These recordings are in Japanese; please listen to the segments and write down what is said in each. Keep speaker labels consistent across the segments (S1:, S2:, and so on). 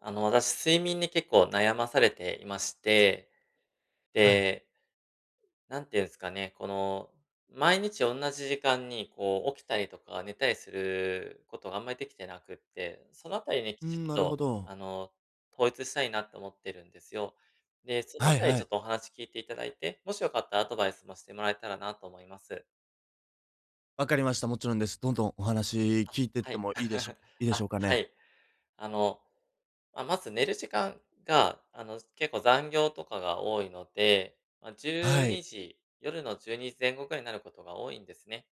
S1: あの、私、睡眠に結構悩まされていまして。
S2: はい。
S1: ええなんて言うんすかね、この、毎日同じ時間にこう起きたりとか、寝たりすることがあんまりできてなくって、そのあたりにき
S2: う
S1: ちっ
S2: ん、なるほ
S1: と、
S2: ど。
S1: あの、統一したいなっと思ってるんですよ。で、そのあ
S2: はい
S1: たり
S2: は
S1: ちょっ
S2: い。
S1: とお話聞いていただいて、もしよかったらアドバイスもしてもらえたらなと思います。
S2: 分かりました。もちろんです。どんどんお話
S1: あ、
S2: 聞いてっ
S1: は
S2: て
S1: い。
S2: もいいでしょ いいでし
S1: あ、
S2: ょうか
S1: は
S2: ね？
S1: い。あの、ままず寝る時間があの、結構残業とかが多いので、ま、じゅ
S2: は
S1: う
S2: い。
S1: にじ、夜の12時前後ぐらいになることが多いんですね。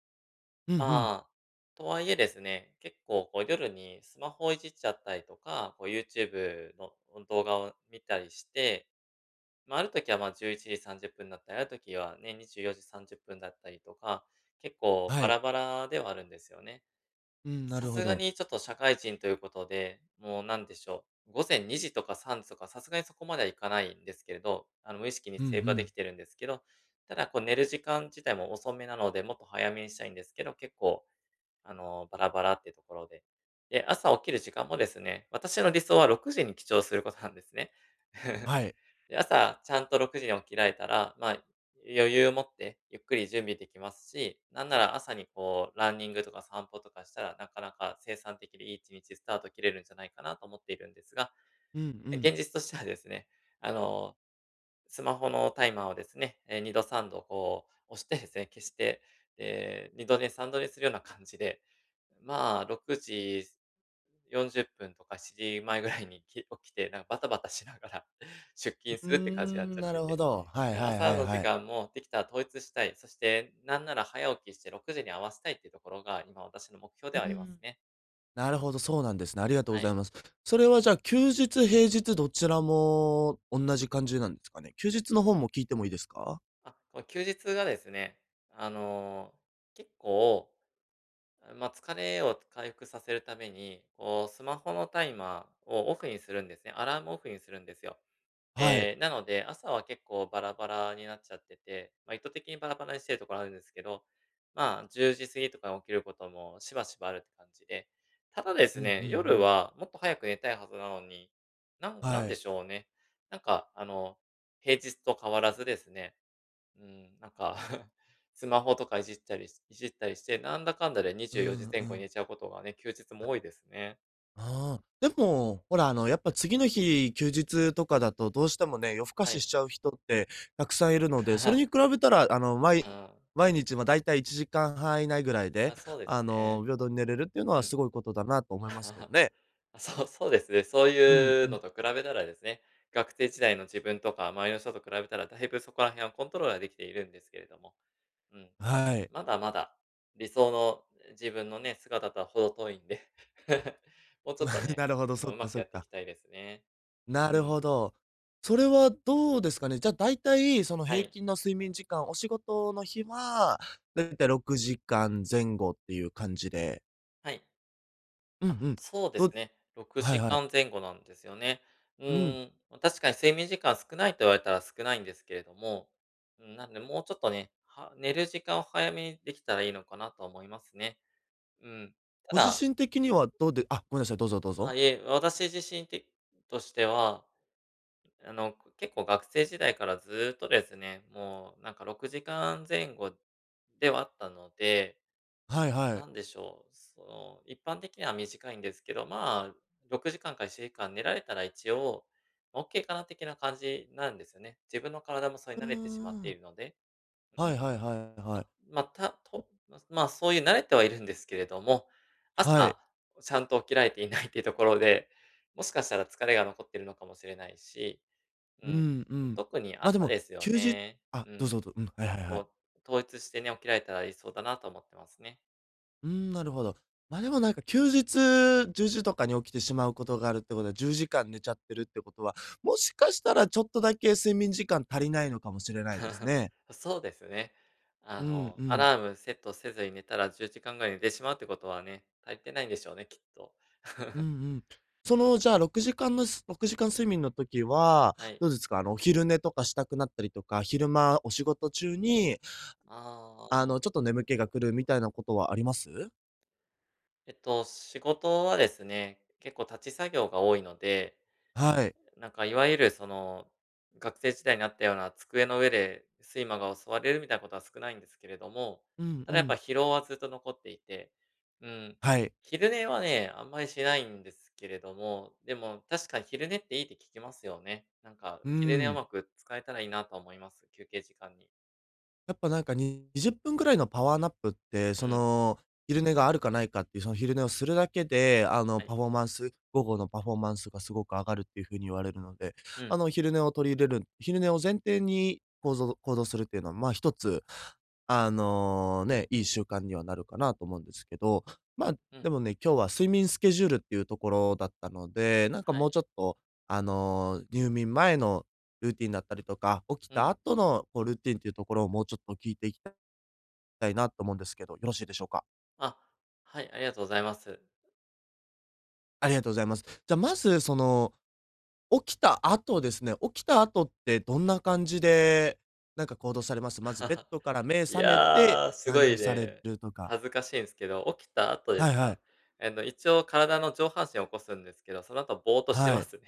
S2: うんうん。
S1: まあ、とはいえですね、結構こう夜にスマホをいじっちゃったりとか、こう YouTube のその動画を見たりして、ま、ある時は、ま、11:30だったり、ある時は、ね、24:30だったりとか、結構
S2: は
S1: バ
S2: い。
S1: ラバラではあるんですよね。
S2: うん、な
S1: さ
S2: るほ
S1: すが
S2: ど。
S1: にちょっと社会人ということで、もうなんでしょう。午前2:00とか3時とか、さすがにそこまではいかないんですけど、あの、無意識に
S2: うんう
S1: セーブはで
S2: ん。
S1: きてるんですけど、ただこう寝る時間自体も遅めなので、もっと早めにしたいんですけど、結構、あの、バラバラっていうところで。で、朝起きる時間もですね、私の理想は6:00に起床することなんですね。
S2: はい。
S1: 朝ちゃんと6:00に起きられたら、ま、余裕持ってゆっくり準備できますし、なんなら朝にこうランニングとか散歩とかしたら、なかなか生産的でいい一日スタート切れるんじゃないかなと思っているんですが。
S2: うんう
S1: え、
S2: ん。
S1: 現実としてはですね、あの、スマホのタイマーをですね、え、2度3度こう押してですね、消して、ええ、2度寝、3度寝するような感じで。まあ、6:40とか7:00前ぐらいに、き起きて、なんかバタバタしながら出
S2: う
S1: 勤す
S2: ー
S1: るって感じになっ
S2: ん、
S1: ちゃっ
S2: な
S1: て
S2: るほ
S1: て。
S2: ど。はい
S1: だ、
S2: はいは
S1: 朝
S2: い
S1: の時
S2: はい。
S1: 間もできたら統一したい。そして何なら早起きして6時に合わせたいっていうところが、今私の目標
S2: う
S1: では
S2: ー
S1: あります
S2: ん。
S1: ね。
S2: なるほど、そうなんですね、ありがとうご
S1: は
S2: ざい
S1: い。
S2: ます。それはじゃあ、休日、平日、どちらも同じ感じなんですかね？休日のほうも聞いてもいいですか？
S1: あ、この休日がですね、あの、結構、ま、疲れを回復させるために、こうスマホのタイマーをオフにするんですね、アラームオフにするんですよ。
S2: はい。
S1: ええ、なので、朝は結構バラバラになっちゃってて、まあ、意図的にバラバラにしてるところあるんですけど、まあ10時過ぎとかに起きることもしばしばあるって感じで、ただで
S2: う
S1: す
S2: んう
S1: ね、
S2: んう
S1: 夜
S2: ん。
S1: はもっと早く寝たいはずなのに、なんなん
S2: は
S1: で
S2: い。
S1: しょうね。なんかあの、平日と変わらずですね、うーん、なんか、スマホとかいじったりしいじったりして、なんだかんだでに
S2: う
S1: じゅうよじ
S2: ん、
S1: 前
S2: う
S1: 後に
S2: ん。
S1: 寝ちゃうことがね、休日も多いですね。
S2: ああ、でも、ほらあのやっぱ次の日、休日とかだと、どうしてもね、夜更か
S1: は
S2: しし
S1: い。
S2: ちゃう人ってたくさんいるので、それに 比べたらあの、まい
S1: ああ。
S2: 毎日ま、大体１時間半以内ぐらいで、
S1: あ、そうです
S2: あの、
S1: ね。
S2: 平等に寝れるっていうの
S1: う
S2: は
S1: ん。
S2: すごいことだなと思いますけど ね。
S1: そう、そうですね、そう
S2: うん、
S1: いうの
S2: う。
S1: と比べたらですね、学生時代の自分とか周りの人と比べたらだいぶそこら辺はコントロールができているんですけれども、うん。
S2: はい。
S1: まだまだ、理想の自分のね、姿とは程遠いんで、もうちょっ
S2: ま、
S1: とね、
S2: なるほど、
S1: あ
S2: そ
S1: の、
S2: っ
S1: 上
S2: か
S1: 手く
S2: そ
S1: や
S2: っ
S1: ってい
S2: か。
S1: きたいですね。
S2: な
S1: う
S2: るほ
S1: ん。
S2: ど。それはどうですかね。じゃ、大体その
S1: は
S2: 平
S1: い。
S2: 均の睡眠時間、お仕事の日は、大体６時間前後っていう感じで。
S1: はい。
S2: うんう
S1: あ、
S2: ん。
S1: そうです
S2: ど
S1: ね、ろく
S2: はい
S1: じ
S2: は
S1: か
S2: い。
S1: ん前後なんですよね。う
S2: うん。
S1: ーん、ま、確かに睡眠時間少ないと言われたら少ないんですけれども、うーん。なんでもうちょっとね、は寝る時間を早めにできたらいいのかなとは思いますね。うん。た
S2: ご自
S1: だ
S2: 身的にはどうであ、ごめんなさい、どうぞどう
S1: ああ、
S2: ぞ。
S1: いえ、私自身てとしては、あの、結構学生時代からずっとですね、もうなんか6時間前後ではあったので。
S2: はいは
S1: な
S2: い。
S1: んでしょう、その、一般的には短いんですけど、まあ6時間か7時間寝られたら一応、オッケーかな的な感じなんですね。自分の体もそれ
S2: う
S1: に
S2: ー
S1: 慣れてしまって
S2: ん。
S1: いるので。う
S2: はいはいはいはい。
S1: ん。たんぽ まあそういう慣れてはいるんですけれども、
S2: はい。
S1: 朝、ちゃんと起きられていないっていうところで、もしかしたら疲れが残っているのかもしれないし、う
S2: う
S1: ん。
S2: んうん。
S1: 特に
S2: ま、で
S1: 朝
S2: も、
S1: ですよ
S2: きゅうじ
S1: ね。
S2: あ、
S1: う
S2: どう
S1: ん。
S2: ぞどうん、はいはいはい。
S1: こう、統一してね、起きられたら理想だなと思ってますね。
S2: うーん、なるほど。ま、でもなんか休日10時とかに起きてしまうことがあるってことは10時間寝ちゃってるってことは、もしかしたらちょっとだけ睡眠時間足りないのかもしれないです ね。
S1: そうですね。あ
S2: うん
S1: の
S2: う
S1: ア
S2: ん。
S1: ラームセットせずに寝たら10時間ぐらいに寝てしまうってことはね、足りてないんでしょうね、きっと。
S2: うん うん。そ
S1: うん。
S2: のじゃあ6時間ぬす6時間睡眠の時は、
S1: はい。
S2: どうですか？あの、お昼寝とかしたくなったりとか、昼間お仕事中に
S1: あ
S2: あ
S1: あ。
S2: のちょっと眠気が来るみたいなことはあります？
S1: えっと、仕事はですね、結構立ち作業が多いので、
S2: はい。
S1: なんかいわゆるその学生時代にあったような机の上で睡魔が襲われるみたいなことは少ないんですけれども、
S2: うん
S1: た
S2: う
S1: だやっぱ
S2: ん。
S1: 疲労はずっと残っていて、うーん。
S2: はい。
S1: 昼寝はね、あんまりしないんですけれども、でも確かに昼寝っていいって聞きますよね。なんか、
S2: うー
S1: 昼寝う
S2: ん。
S1: まく使えたらいいなとは思います、休憩時間に。
S2: やっぱなんかに20分ぐらいのパワーナップって
S1: う
S2: そ
S1: ん。
S2: の、昼寝があるかないかっていうその昼寝をするだけで、あの
S1: はい。
S2: パフォーマンス午後のパフォーマンスがすごく上がるっていう風に言われるので、
S1: う
S2: あ
S1: ん。
S2: の昼寝を取り入れる、昼寝を前提にこうぞう行動するっていうのはまあ一つ、あのね、いい習慣にはなるかなと思うんですけど。
S1: う
S2: ま
S1: ん
S2: あ、
S1: うん。
S2: でもね、今日は睡眠スケジュールっていうところだったので、なんか
S1: は
S2: も
S1: い。
S2: うちょっと、あの入眠前の、ルーティンだったりとか、起き
S1: う
S2: た
S1: ん。
S2: 後のこうルーティンっていうところをもうちょっと聞いていきたいなと思うんですけど、よろしいでしょうか？
S1: あ、はい、ありがとうございます。
S2: ありがとうございます。じゃ、まず、その、起きた後ですね、起きた後ってどんな感じで、なんか行動されます？まずベッ ドから目
S1: い
S2: 覚めて、
S1: や、すご
S2: 何
S1: い
S2: にされ
S1: ね、
S2: るとか。
S1: 恥ずかしいんすけど、起きた後で
S2: は
S1: す
S2: いは
S1: か？
S2: い。
S1: あの一応体の上半身起こすんですけど、その後ぼーとして
S2: は
S1: ま
S2: い。
S1: すね。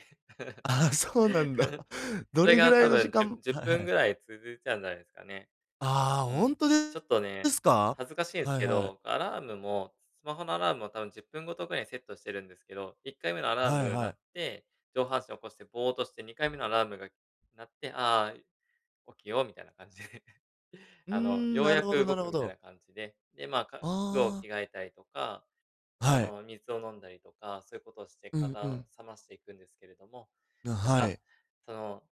S2: ああ、そうなんだ。ど
S1: それ
S2: れぐ
S1: が
S2: ら
S1: 多
S2: いの時
S1: 分じゅ
S2: 間
S1: じゅっ
S2: はいは
S1: ぷんぐ
S2: い。
S1: らい続いちゃうんじゃないですかね。
S2: ああ、
S1: うー
S2: ほ
S1: ん。
S2: んとで
S1: ちょっと
S2: で
S1: ね、
S2: すか？
S1: 恥ずかしいんです
S2: はい
S1: け
S2: はい。
S1: ど、アラームも、スマホのアラームも多分10分ごとぐらいにセットしてるんですけど、1回目のアラー
S2: はい
S1: ム鳴
S2: はい。
S1: って、上半身起こしてぼーとして2回目のアラームが鳴って、ああ、起きようみたいな感じで、
S2: うー
S1: あの、
S2: ん、
S1: よう
S2: なる
S1: や
S2: ほ
S1: く
S2: どな
S1: 動
S2: る
S1: く
S2: ほ
S1: みたい
S2: ど。
S1: な感じで、で、まあ、か
S2: あ
S1: 服を
S2: あ。
S1: 着替えたりとか、
S2: あ、
S1: あ
S2: はい。
S1: の、水を飲んだりとか、そういうことをして
S2: うんう
S1: 体
S2: ん。
S1: を冷ましていくんですけれども、
S2: な、
S1: なん
S2: は
S1: か、
S2: い。
S1: その、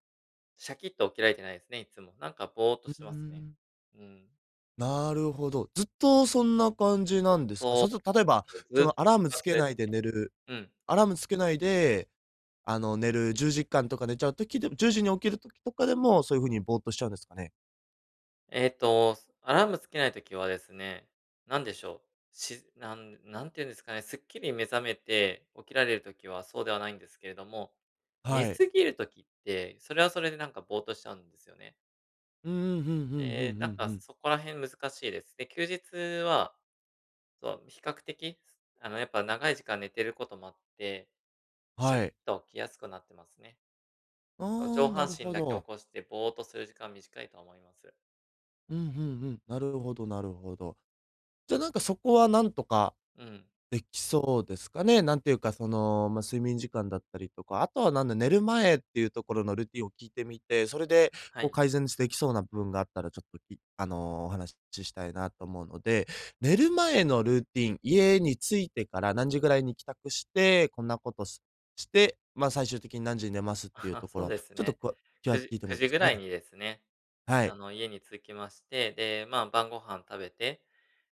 S1: シャキッと起きられてないですね、いっつも。なんかぼーと
S2: うう
S1: し
S2: ー
S1: てますね。
S2: ん。
S1: うーん。
S2: なるほど、ずっとそんな感じなんですか。
S1: そ
S2: そうする
S1: う
S2: と、例えば、
S1: なんです、ず
S2: そ
S1: っと
S2: のア
S1: そん
S2: ラー
S1: な
S2: ム
S1: 感
S2: つ
S1: じ
S2: け
S1: です
S2: ないで寝るる、
S1: ね。うん。
S2: アラームつけないで、あの寝る10時間とか寝ちゃう時でも10時に起きる時とかでも、そういう風にぼーとしちゃうんですかね。
S1: えっと、アラームつけない時はですね、なんでしょう、しずなんなんていうんですかね、すっきり目覚めて、起きられる時はそうではないんですけれども、寝
S2: はい。
S1: 過ぎる時って、それはそれでなんかぼーっとしちゃうんですよね。
S2: ううん、ふんふん、うんう
S1: で、なんか
S2: んうん。
S1: そこら辺難しいです。で、休日はそう、比較的すあのやっぱ長い時間寝てることもあって、シャキ
S2: は
S1: ッ
S2: い。
S1: と起きやすくなってますね。と
S2: あ
S1: 上
S2: あ、な
S1: 半
S2: る
S1: 身
S2: ほ
S1: だけ起
S2: ど。
S1: こして、ぼーっとする時間短いと思います。
S2: うん、ふん、うん、なるほど、なるほど。じゃ、なんかそこはなんとか、
S1: うん。
S2: できそうですかね。なんていうか、その、ま、睡眠時間だったりとか。あとはなんだ、寝る前っていうところのルーティンを聞いてみて、それで、
S1: は
S2: こう
S1: い。
S2: 改善すできそうな部分があったら、ちょっときあのお話し、ちしたいなと思うので。寝る前のルーティン、家に着いてから何時ぐらいに帰宅して、こんなことしして、まあ最終的に何時に寝ますっていう とこ
S1: そう
S2: ろ、
S1: です
S2: ちょっと
S1: ね。
S2: こうきゃ
S1: く
S2: 聞
S1: じ
S2: いても
S1: く
S2: いいで
S1: じ
S2: す
S1: ぐ
S2: か
S1: らい
S2: ね。
S1: にですね、
S2: は
S1: あ
S2: い。
S1: の家に着きまして、で、まあ、晩御飯食べて、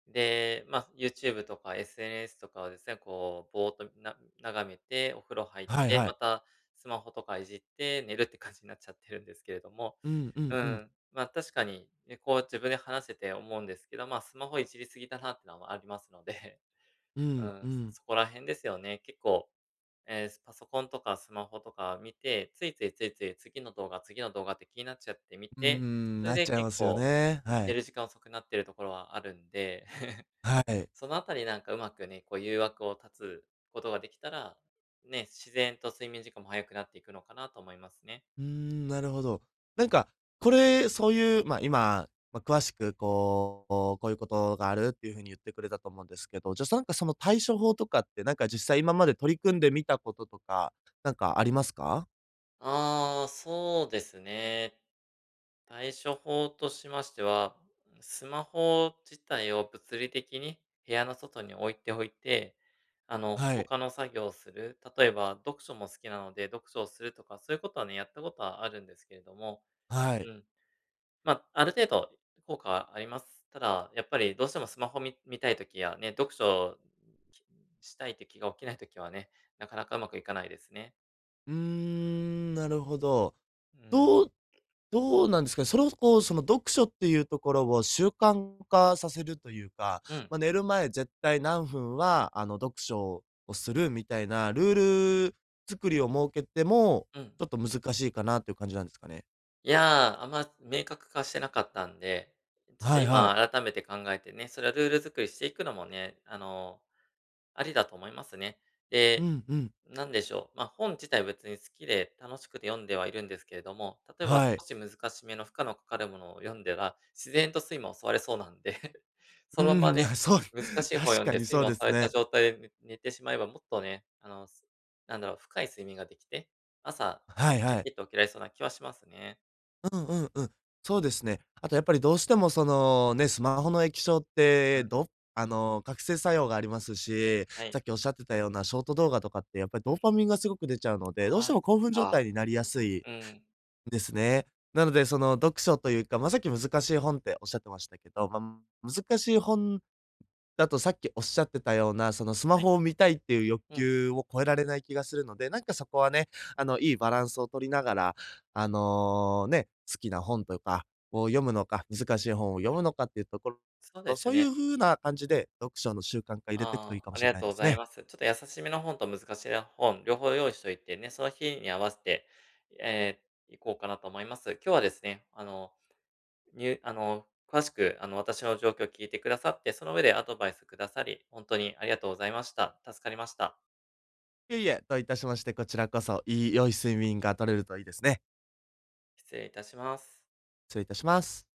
S1: で、まあ、ユーチューブとか SNS とかをですね、こうぼーっとな眺めて、お風呂入っ
S2: はい、
S1: て、
S2: は
S1: ま
S2: い。
S1: た、スマホとかいじって、寝るって感じになっちゃってるんですけれども。
S2: うん、うん、
S1: う
S2: う
S1: ー
S2: ん。
S1: ん、まあ確かに、ね、こう自分で話せて思うんですけど、まあ、スマホいじりすぎだなってのはありますので、
S2: う
S1: う
S2: ん、
S1: ん、
S2: うん。
S1: そこら辺ですよね。結構、ええ、すパソコンとかスマホとか見て、ついついついつい次の動画次の動画って気になっちゃって見
S2: うー
S1: て、
S2: ん。
S1: それ
S2: なっ
S1: で
S2: ちゃい
S1: 結
S2: ますよ
S1: 構、
S2: ね、は
S1: 寝
S2: い。
S1: る時間遅くなってるところはあるんで。
S2: はい。
S1: そのあたりなんかうまくね、こう誘惑を断つことができたら、ね、自然と睡眠時間も早くなっていくのかなと思いますね。
S2: うーん、なるほど。なんか、これ、そういう、ま、今、ま、詳しくこう、こうこういうことがあるっていう風に言ってくれたと思うんですけど、じゃさんか、その対処法とかって、なんか実際今まで取り組んでみたこととか、なんかありますか？
S1: ああ、そうですね。対処法としましては、スマホ自体を物理的に部屋の外に置いておいて、あの、
S2: はい。
S1: 他の作業する。例えば、読書も好きなので、読書をするとか、そういうことはね、やったことはあるんですけれども。
S2: はい。
S1: うん。ま、ある程度効果はあります。ただ、やっぱりどうしてもスマホ見見たい時やね、読書したいって気が起きないときはね、なかなかうまくいかないですね。
S2: うーん、なるほど。
S1: うん。
S2: どうどうなんですかね？それをこう、その、読書っていうところを習慣化させるというか
S1: うん。
S2: ま、寝る前絶対何分はあの、読書をするみたいなルール作りを設けても、
S1: うん。
S2: ちょっと難しいかなっていう感じなんですかね。
S1: いや、あんま明確化してなかったんで、ちょっと
S2: はいはい。
S1: 今改めて考えてね、それはルール作りしていくのもね、あの、ありだと思いますね。
S2: う
S1: で、
S2: んうん。
S1: なんでしょう。ま、本自体は別に好きで楽しくて読んではいるんですけれども。例えば、
S2: はい。
S1: 少し難しめの負荷のかかるものを読んだら、自然と睡魔襲われそうなんで、
S2: う
S1: そのまま
S2: ん、い
S1: ね、
S2: や、そう、
S1: 難しい本を
S2: 確
S1: 読ん
S2: か
S1: で、
S2: に
S1: 睡
S2: そう
S1: 魔
S2: で
S1: 襲わ
S2: す
S1: れた
S2: ね。
S1: 状態でね、寝てしまえば、もっとね、あの、すなんだろう、深い睡眠ができて、朝、
S2: はい
S1: チャ
S2: はい。
S1: キっと起きられそうな気はしますね。
S2: うんうんうん。そうですね。あとやっぱりどうしてもそのね、スマホの液晶っ
S1: う
S2: て、
S1: ん。
S2: どあの覚醒作用がありますし、
S1: はい。
S2: さっきおっしゃってたようなショート動画とかってやっぱり
S1: う
S2: ドーパ
S1: ん。
S2: ミンがすごく出ちゃうので、どうして
S1: ああ、
S2: も
S1: そっ
S2: 興奮状
S1: か。
S2: 態になりやすい
S1: うん。
S2: ですね。なので、その読書というか、まあさっき難しい本っておっしゃってましたけど、まあ難しい本だとさっきおっしゃってたような、そのスマ
S1: はい。
S2: ホを見たいっていう欲
S1: うん。
S2: 求を超えられない気がするので、なんかそこはね、あのいいバランスを取りながら、あのね、好きな本とかを読むのか、難しい本を読むのかっていうところ
S1: そうです
S2: そういう
S1: ね。
S2: 風な感じで、読書の習慣化入れてくといい
S1: ああ、
S2: かも
S1: あり
S2: しれ
S1: が
S2: ない
S1: とう
S2: で
S1: ご
S2: す
S1: ざい
S2: ね。
S1: ます。ちょっと優しめの本と難しめの本、両方用意しといてね、その日に合わせて、ええ、いこうかなと思います。今日はですね、あの、にゅうあの、詳しく、あの私の状況を聞いてくださって、その上でアドバイスくださり、ほんとにありがとうございました。助かりました。
S2: いえいえ、どういたしまして、こちらこそ、いい良い睡眠が取れるといいですね。
S1: 失礼いたします。
S2: 失礼いたします。